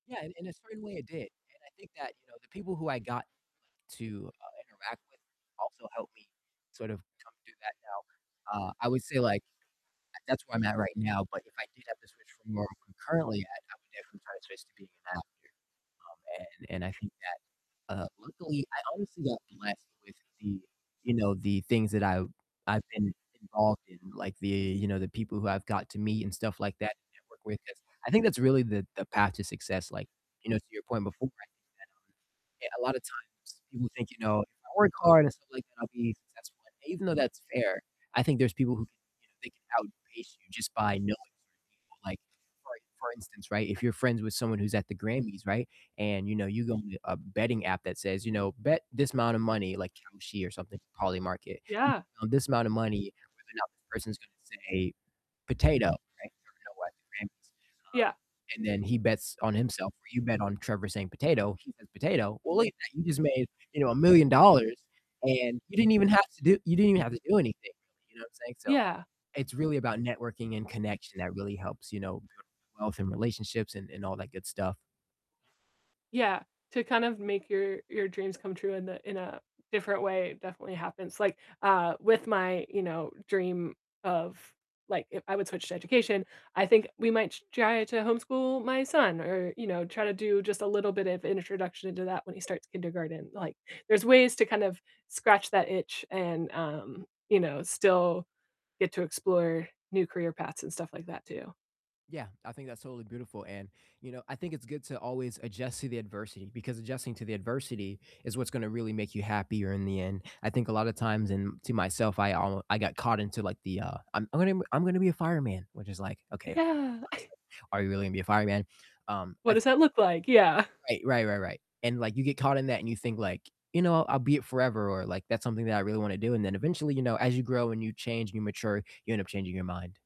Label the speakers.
Speaker 1: Yeah, in in a certain way it did, and I think that, you know, the people who I got to, uh, interact with also helped me sort of come through that now. Uh, I would say like that's, uh, where I'm at right now, but if I did have to switch from where I'm currently at, I would definitely try to switch to being an actor. Um, and and I think that, uh, luckily I honestly got blessed with the, you know, the things that I've I've been involved in, like the, you know, the people who I've got to meet and stuff like that and network with, 'cause I think that's really the the path to success. Like, you know, to your point before, I think that, um, a lot of times people think, you know, "If I work hard and stuff like that, I'll be successful," and even though that's fair, I think there's people who can, you know, they can outpace you just by knowing certain people. Like, for for instance, right, if you're friends with someone who's at the Grammys, right? And you know, you go on a betting app that says, you know, "Bet this amount of money," like Kalshi or something, Polymarket. You
Speaker 2: Yeah.
Speaker 1: bet on this amount of money whether or not this person's gonna say potato, right? [unintelligible] the Grammys. Um,
Speaker 2: Yeah.
Speaker 1: and then he bets on himself where you bet on Trevor saying "potato". He says "potato." Well, look at that. You just made, you know, $1,000,000 and you didn't even have to do you didn't even have to do anything, you know what I'm saying? So
Speaker 2: Yeah.
Speaker 1: it's really about networking and connection that really helps, you know, build wealth and relationships and and all that good stuff.
Speaker 2: Yeah, to kind of make your your dreams come true in a in a different way definitely happens. Like, uh, with my, you know, dream of, like, if I would switch to education, I think we might t try to homeschool my son or, you know, try to do just a little bit of introduction into that when he starts kindergarten. Like, there's ways to kind of scratch that itch and, um, you know, still get to explore new career paths and stuff like that too.
Speaker 1: Yeah, I think that's totally beautiful, and you know, I think it's good to always adjust to the adversity because adjusting to the adversity is what's gonna really make you happier in the end. I think a lot of times, and to myself, I al I got caught into like the, uh, "I'm I'm gonna I'm gonna be a fireman," which is like, "Okay,
Speaker 2: Yeah.
Speaker 1: honestly, are you really gonna be a fireman?" Um, I
Speaker 2: What
Speaker 1: th
Speaker 2: does that look like? Yeah.
Speaker 1: Right. Right, right, right, and like you get caught in that and you think like, you know, "I'll be it forever," or like, "That's something that I really wanna do," and then eventually, you know, as you grow and you change and you mature, you end up changing your mind.